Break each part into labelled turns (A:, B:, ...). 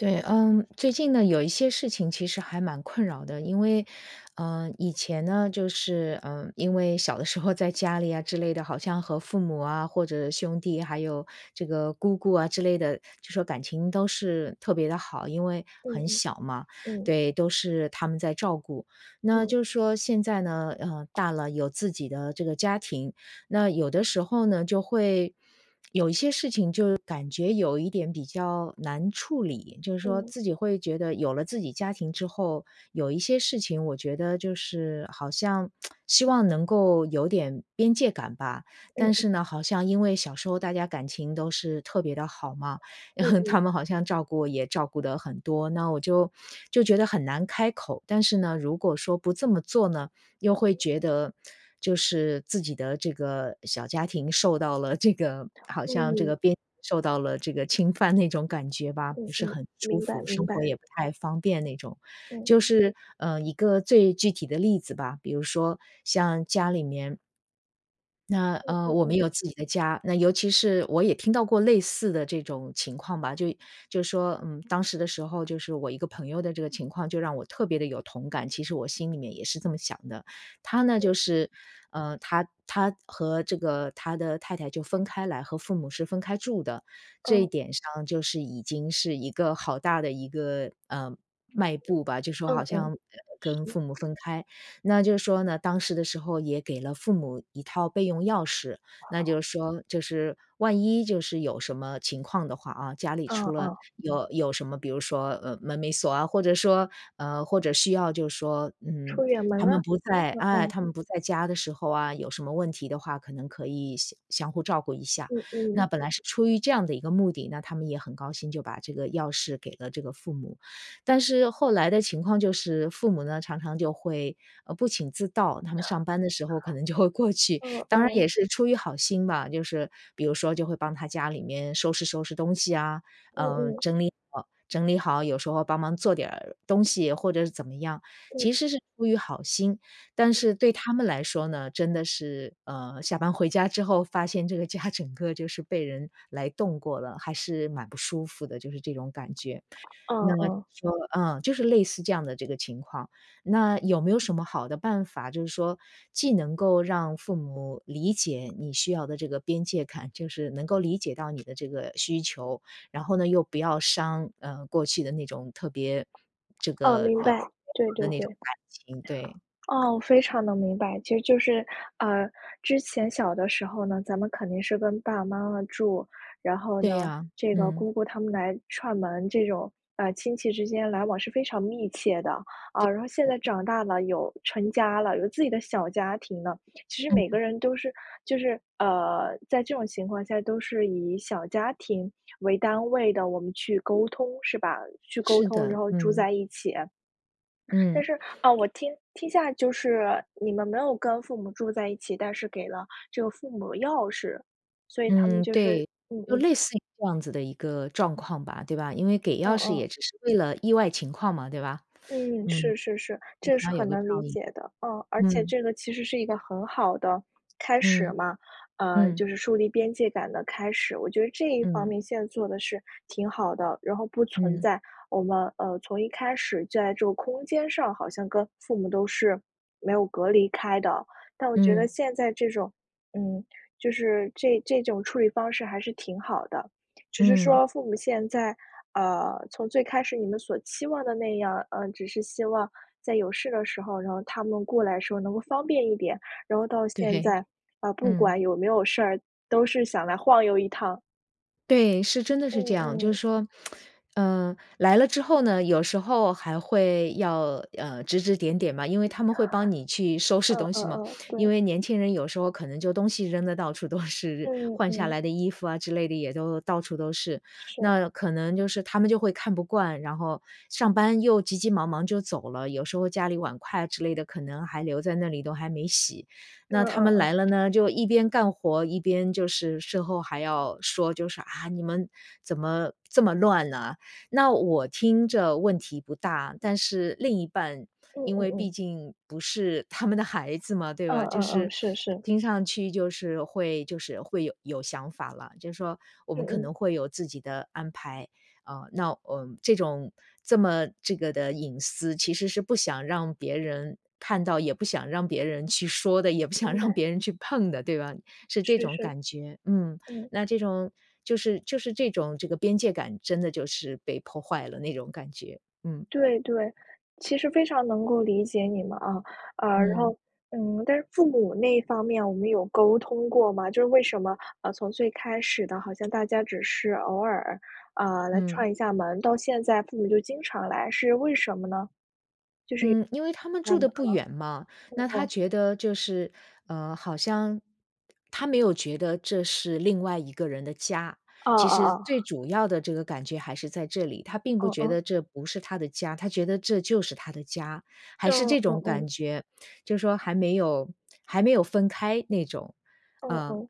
A: 对，嗯，最近呢，有一些事情其实还蛮困扰的，因为，呃，以前呢，就是，呃，因为小的时候在家里啊之类的，好像和父母啊，或者兄弟还有这个姑姑啊之类的，就说感情都是特别地好，因为
B: 嗯
A: 很
B: 嗯，
A: 小嘛，
B: 嗯。
A: 对，都是他们在照顾。那
B: 嗯。
A: 就说现在呢，呃，大了有自己的这个家庭，那有的时候呢就会有一些事情就感觉有一点比较难处理。就是说
B: 嗯。
A: 自己会觉得有了自己家庭之后，有一些事情我觉得就是好像 希望能够有点边界感吧。但
B: 嗯。
A: 是呢，好像因为小时候大家感情都是特别地好嘛，
B: 嗯 嗯。
A: 他们好像照顾也照顾得很多，那我就就觉得很难开口。但是呢，如果说不这么做呢，又会觉得就是自己的这个小家庭受到了这个好像这
B: 嗯。
A: 个边界受到了这个侵犯那种感觉吧，
B: 嗯
A: 不是
B: 嗯，
A: 很舒
B: 明白
A: 服，
B: 明
A: 生活
B: 白。
A: 也不太方便那种。
B: 嗯。
A: 就是，呃，一个最具体的例子吧，比如说像家里面。那，
B: 嗯
A: 呃，
B: 嗯
A: 我们
B: 嗯。
A: 有自己的家，那尤其是我也听到过类似的这种情况吧。就就说，嗯，当时的时候，就是我一个朋友的这个情况就让我特别的有同感，其实我心里面也是这么想的。他呢，就
B: 对。
A: 是，呃，他他和这个他的太太就分开来和父母是分开住的，这一
B: 嗯。
A: 点上就是已经是一个好大的一个，呃，迈步吧，就说
B: 嗯，
A: 好
B: 嗯嗯。
A: 像跟
B: 是。
A: 父母分开。那就是说呢，当时的时候也给了父母1套备用钥匙，那就是说就是万一就是有什么情况的话哦，家里
B: 嗯
A: 出了
B: 嗯。
A: 有有什么，比如说，呃，门没锁啊，或者说呃，或者需要就是说，嗯，
B: 出远门
A: 他
B: 了，
A: 们不在
B: 嗯
A: 哎，
B: 嗯。
A: 他们不在家的时候啊，有什么问题的话，可能可以相相互照顾一下。
B: 嗯嗯。
A: 那本来是出于这样的一个目的，那他们也很高兴，就把这个钥匙给了这个父母。但是后来的情况就是父母呢，常常就会，呃，不请自到，他们上班的时候可能就会过去。
B: 嗯，
A: 当然
B: 哦。
A: 也是出于好心吧，就是比如说就会帮他家里面收拾收拾东西啊，
B: 嗯
A: 呃，
B: 嗯。
A: 整理好整理好。有时候帮忙做点儿东西或者是怎么样，
B: 嗯。
A: 其实是出于好心，但是对他们来说呢，真的是，呃，下班回家之后发现这个家整个就是被人来动过了，还是蛮不舒服的，就是这种感觉。
B: 嗯
A: 那
B: 嗯。
A: 就呃，就是类似这样的这个情况，那有没有什么好的办法就是说既能够让父母理解你需要的这个边界感，就是能够理解到你的这个需求，然后呢又不要伤呃，过去的那种特别这
B: 哦，
A: 个
B: 明白，对
A: [unintelligible] 的
B: 对
A: 那
B: 对。
A: 种感情，对。
B: 啊，我非常地明白。其实就是，呃，之前小的时候呢，咱们肯定是跟爸爸妈妈住，然后
A: 对
B: 呢，
A: 呀，
B: 这个
A: 嗯。
B: 姑姑他们来串门，这种，呃，亲戚之间来往是非常密切的。啊，
A: 对。
B: 然后现在长大了，有成家了，有自己的小家庭了，其实
A: 嗯
B: 每个
A: 嗯。
B: 人都是就是，呃，在这种情况下都是以小家庭为单位的，我们去沟通是吧？去沟
A: 是
B: 通，
A: 的，
B: 然后住
A: 嗯。
B: 在一起。但
A: 嗯。
B: 是，哦，我听听下就是你们没有跟父母住在一起，但是给了这个父母钥匙，所以他们
A: 嗯，
B: 就是
A: 对，
B: 嗯
A: 就
B: 嗯。
A: 类似于这样子的一个状况吧，对吧。因为给
B: 嗯
A: 钥匙
B: 嗯。
A: 也只是为了意外情况嘛，对吧？
B: 嗯，
A: 嗯。
B: 是是是，这是
A: 想要
B: 很
A: 有个照
B: 能理
A: 应，
B: 解的。啊，而且
A: 嗯。
B: 这个其实是一个很好的开始
A: 嗯，
B: 嘛，呃，
A: 嗯。
B: 就是树立边界感的开始。我觉得这一方
A: 嗯。
B: 面现在做得是挺好的，然后不存
A: 嗯。
B: 在我们，呃，从一开始在这个空间上好像跟父母都是没有隔离开的，那我觉得
A: 嗯。
B: 现在这种嗯，就是这这种处理方式还是挺好的。只是
A: 嗯。
B: 说父母现在，啊，从最开始你们所期望的那样，呃，只是希望在有事的时候，然后他们过来时候能够方便一点，然后到现
A: 对，
B: 在，啊不
A: 嗯。
B: 管有没有事儿，都是想来晃悠一趟。
A: 对，是真的
B: 嗯
A: 是这样。就是
B: 嗯。
A: 说，呃来了之后呢，有时候还会要呃，指指点点嘛，因为他们会帮你去 收拾
B: 嗯
A: 东
B: 嗯
A: 西嘛。
B: 嗯，
A: 因
B: 对。
A: 为年轻人有时候可能就东西扔得到处都是。
B: 嗯
A: 换下
B: 嗯。
A: 来的衣服啊之类的，也都到处都是。
B: 是。
A: 那可能就是他们就会看不惯，然后上班又急急忙忙就走了，有时候家里碗筷啊之类的，可能还留在那里，都还没洗。
B: 嗯
A: 那他
B: 嗯
A: 们来
B: 嗯。
A: 了呢，就一边干活，一边就是事后还要说，就是：“啊，你们怎么这么乱呢？”那我听着问题不大，但是另一半
B: 嗯
A: 因
B: 嗯
A: 为毕
B: 嗯。
A: 竟不是他们的孩子嘛，对
B: 嗯
A: 吧？就
B: 嗯嗯，
A: 是
B: 是是。
A: 听上去就是会就是会有有想法了，就说我
B: 嗯
A: 们可
B: 嗯。
A: 能会有自己的安排，啊那，呃这种这么这个的隐私，其实是不想让别人看到，也不想让别人去说的、也不想
B: 明白。
A: 让别人去碰的，对吧？是这
B: 是
A: 种
B: 是，
A: 感觉，嗯，
B: 嗯。
A: 那这种就是就是这种这个边界感，真的就是被破坏了那种感觉，嗯。
B: 对对，其实非常能够理解你们，啊。呃，然
A: 嗯。
B: 后嗯但是父母那方面，我们有沟通过吗？就是为什么啊从最开始的好像大家只是偶尔，啊，来
A: 嗯。
B: 串一下门，到现在父母就经常来是为什么呢？
A: 嗯，因为他们
B: 就是有
A: 住
B: 嗯
A: 得不远嘛。那
B: 呃，嗯
A: 他
B: 嗯。
A: 觉得就是，呃，好像他没有觉得这是另外一个人的家。
B: 哦
A: 其
B: 哦
A: 实
B: 哦。
A: 最主要的这个感觉还是在这里，他并不
B: 哦，
A: 觉
B: 嗯。
A: 得这不是他的家。他觉得这就是他的家，还是
B: 嗯
A: 这
B: 嗯
A: 种
B: 嗯。
A: 感觉。就说还没有还没有分开那种，
B: 哦
A: 呃
B: 哦，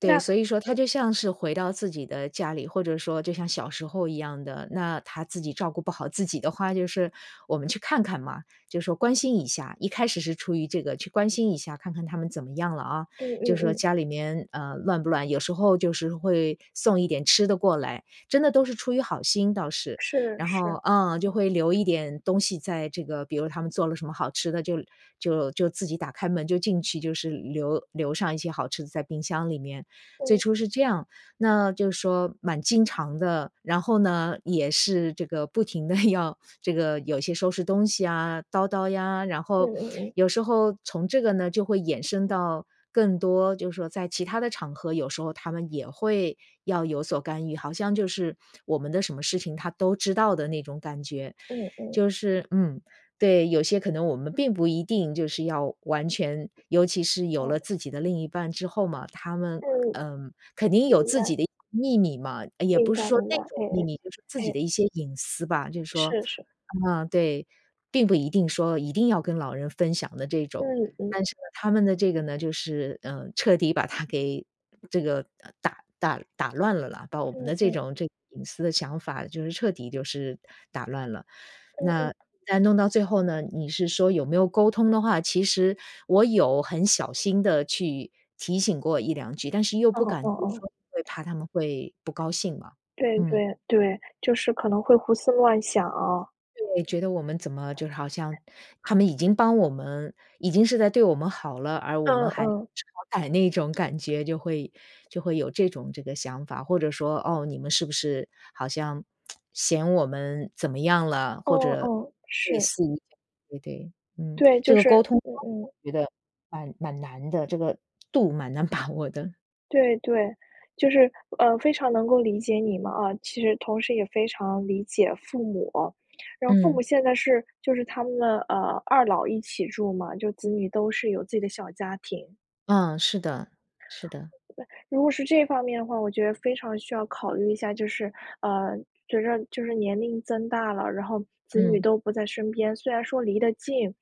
B: 那
A: 对。所以说，他
B: 嗯。
A: 就像是回到自己的家里，或者说就像小时候一样的。那他自己照顾不好自己的话就是我们去看看嘛，就说关心一下，一开始是出于这个去关心一下，看看他们怎么样了，啊。
B: 嗯
A: 就
B: 嗯
A: 说
B: 嗯。
A: 家里面呃，乱不乱？有时候就是会，送一点吃的过来，真的都是出于好心，倒是。
B: 是
A: 然后
B: 是，
A: 嗯，就
B: 嗯。
A: 会留一点东西在这个比如他们做了什么好吃的，就就就自己打开门，就进去就是留留上一些好吃的在冰箱里面，最
B: 嗯。
A: 初是这样，那就说蛮经常的。然后呢，也是这个不停的要这个有些收拾东西，啊，叨叨呀。然
B: 嗯
A: 后
B: 嗯嗯。
A: 有时候从这个呢，就会衍生到更多就是说，在其它的场合，有时候他们也会要有所干预，好像就是，我们的什么事情他都知道的那种感觉。
B: 嗯嗯。
A: 就是嗯，对有些可能我们并不一定就是要完全尤其是有了
B: 哦。
A: 自己的另一半之后嘛，他们，
B: 嗯。
A: 呃肯定有
B: 明
A: 自
B: 白。
A: 己的秘密嘛。呃也
B: 明
A: 不是
B: 白
A: 说
B: 明
A: 那
B: 白，
A: 种
B: 哎
A: 秘
B: 哎，
A: 密，就是自己
B: 哎。
A: 的一些隐私吧。就是说，
B: 是是。
A: 嗯对，并不一定说一定要跟老人分享的这种。
B: 嗯嗯。
A: 但是呢，他们的这个呢，就是，呃彻底把它给这个打打打乱了啦，把我们
B: 嗯
A: 的这
B: 嗯。
A: 种这个隐私的想法，就是彻底就是打乱了。
B: 嗯
A: 那
B: 嗯。
A: 但弄到最后呢你是说有没有沟通的话，其实，我有很小心地去提醒过1-2句，但是又
B: 哦
A: 不敢
B: 哦
A: 多
B: 哦。
A: 说，会怕他们会不高兴嘛，
B: 对
A: 嗯。
B: 对对，就是可能会胡思乱想，啊。
A: 对，觉得我们怎么就好像他们已经帮我们已经是在对我们好了，而我
B: 嗯
A: 们还不
B: 嗯。
A: 识好歹那种感觉，就会就会有这种这个想法。或者说：“哦，你们是不是好像嫌我们怎么样了？”或
B: 哦
A: 者
B: 哦，
A: 类
B: 是。
A: 似，对对。嗯。
B: 对，
A: 这
B: 就
A: 个
B: 是
A: 沟通
B: 嗯
A: 方法
B: 嗯。
A: 我觉得，蛮蛮难的，这个度蛮难把握的。
B: 对对，就是呃，非常能够理解你嘛，啊其实同时也非常理解父母。然后父母
A: 嗯。
B: 现在是就是他们的呃，二老一起住嘛，就子女都是有自己的小家庭。
A: 嗯，是的，是的。
B: 对，如果是这方面的话，我觉得非常需要考虑一下，就是，呃，随着就是年龄增大了，然后子女
A: 嗯。
B: 都不在身边。虽然说离得近，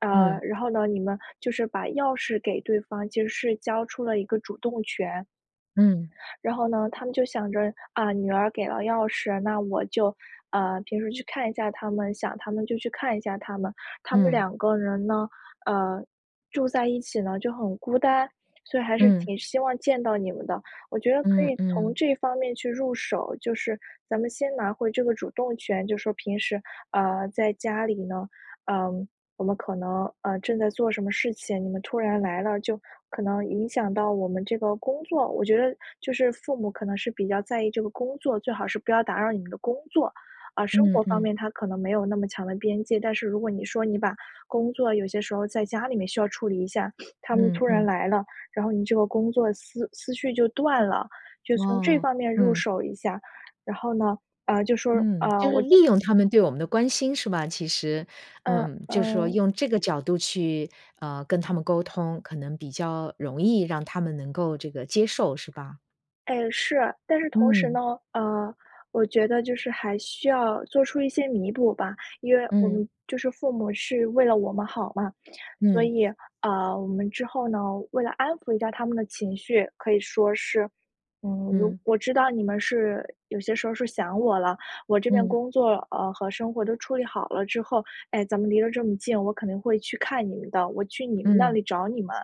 B: 呃，
A: 嗯。
B: 然后呢，你们就是把钥匙给对方，其实是交出了一个主动权。
A: 嗯。
B: 然后呢，他们就想着：“啊，女儿给了钥匙，那我就，呃，平时去看一下他们想他们就去看一下他们。“他们
A: 嗯。
B: 两个人呢，呃，住在一起呢就很孤单，所以还是
A: 嗯。
B: 挺希望见到你们的。我觉得可
A: 嗯
B: 以从
A: 嗯。
B: 这方面去入手，就是咱们先拿回这个主动权，就是说平时，呃，在家里呢，呃，我们可能，呃正在做什么事情，你们突然来了，就可能影响到我们这个工作。我觉得就是父母可能是比较在意这个工作最好是不要打扰你们的工作，啊，生
A: 嗯
B: 活方
A: 嗯。
B: 面，他可能没有那么强的边界。但是如果你说你把工作有些时候在家里面需要处理一下，他们
A: 嗯
B: 突然
A: 嗯。
B: 来了，然后你这个工作思思绪就断了，就从这
A: 哇，
B: 方面入
A: 嗯。
B: 手一下。然后呢，啊，就说
A: 嗯，
B: 啊，
A: 就
B: 我
A: 是利用他们对我们的关心，是吧？其实
B: 嗯，
A: 嗯，就是说
B: 嗯。
A: 用这个角度去，呃，跟他们沟通，可能比较容易让他们能够这个接受，是吧？
B: 诶，是，但是同时
A: 嗯。
B: 呢，呃，我觉得就是还需要做出一些弥补吧。因为我
A: 嗯。
B: 们就是父母是为了我们好嘛，所
A: 嗯。
B: 以，呃，我们之后呢，为了安抚一下他们的情绪，可以说是：“嗯，我
A: 嗯。
B: 我知道你们是有些时候是想我了，我这边
A: 嗯。
B: 工作，呃，和生活都处理好了之后，哎，咱们离得这么近，我肯定会去看你们的，我去你们那
A: 嗯。
B: 里找你们。”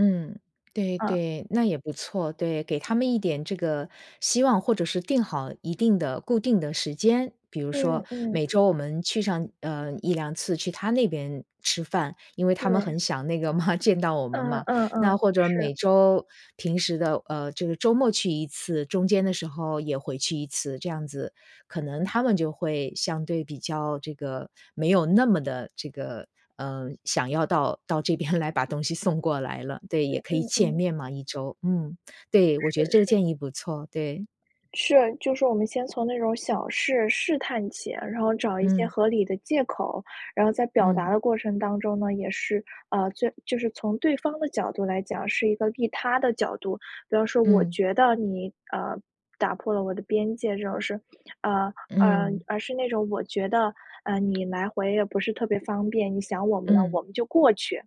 A: 嗯，对
B: 嗯。
A: 对，那也不错。对，给他们一点这个希望或者是定好一定的固定的时间。比如说，
B: 嗯，嗯。
A: 每周我们去上呃，1-2次去他那边吃饭，因为他们
B: 对。
A: 很想那个嘛见到我们
B: 嗯
A: 嘛。
B: 嗯
A: 那
B: 嗯，
A: 或者
B: 是。
A: 每周平时的呃，这个周末去1次，中间的时候也回去1次，这样子，可能他们就会相对比较这个没有那么地这个，呃，想要到到这边来把东西送过来了。对，
B: 嗯
A: 也可以
B: 嗯
A: 见
B: 嗯。
A: 面嘛，1周。嗯，对，我
B: 是
A: 觉得这个
B: 是。
A: 建议不错，对。
B: 是，就是说我们先从那种小事试探起，然后找一些
A: 嗯。
B: 合理的借口。然后在表达
A: 嗯。
B: 的过程当中呢，也是，呃，就就是从对方的角度来讲，是一个利他的角度。比方说，“我
A: 嗯。
B: 觉得你，呃，打破了我的边界这种事儿”，呃呃，
A: 嗯。
B: 而是那种“我觉得，呃，你来回也不是特别方便，你想我们了，
A: 嗯。
B: 我们就过去”。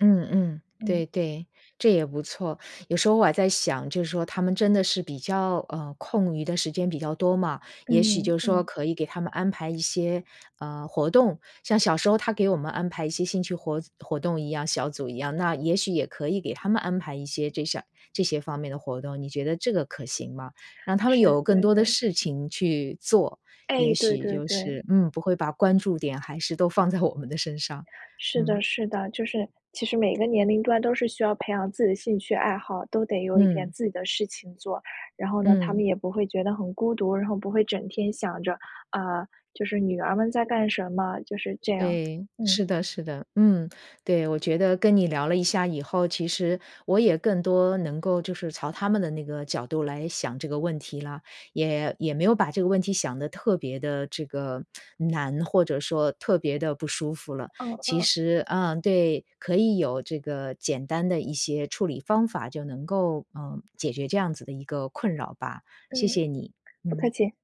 A: 嗯嗯。
B: 嗯。
A: 对对，这也不错。有时候我还在想，就说他们真的是比较呃，空余的时间比较多嘛，也许
B: 嗯
A: 就说
B: 嗯。
A: 可以给他们安排一些，呃，活动，像小时候他给我们安排一些兴趣活活动一样，小组一样，那也许也可以给他们安排一些这下这些方面的活动，你觉得这个可行吗？让他们
B: 是，
A: 有更
B: 对
A: 多的
B: 对。
A: 事情去做，
B: 哎，
A: 也
B: 对
A: 许
B: 对
A: 就
B: 对。
A: 是嗯，不会把关注点还是都放在我们的身上，
B: 是
A: 嗯。
B: 的是的，就是其实每个年龄段都是需要培养自己的兴趣爱好，都得有一点
A: 嗯。
B: 自己的事情做。然后呢，他
A: 嗯。
B: 们也不会觉得很孤独，然后不会整天想着，啊，就是女儿们在干什么，就是这样，
A: 对，
B: 嗯。
A: 是的是的。嗯，对。我觉得跟你聊了一下以后，其实我也更多能够就是朝他们的那个角度来想这个问题啦，也也没有把这个问题想得特别地这个难，或者说特别地不舒服了。
B: 嗯
A: 其
B: 嗯。
A: 实嗯，对，可以有这个简单的一些处理方法，就能够，呃，解决这样子的一个困扰吧。谢
B: 嗯，
A: 谢你，
B: 不客
A: 嗯。
B: 气。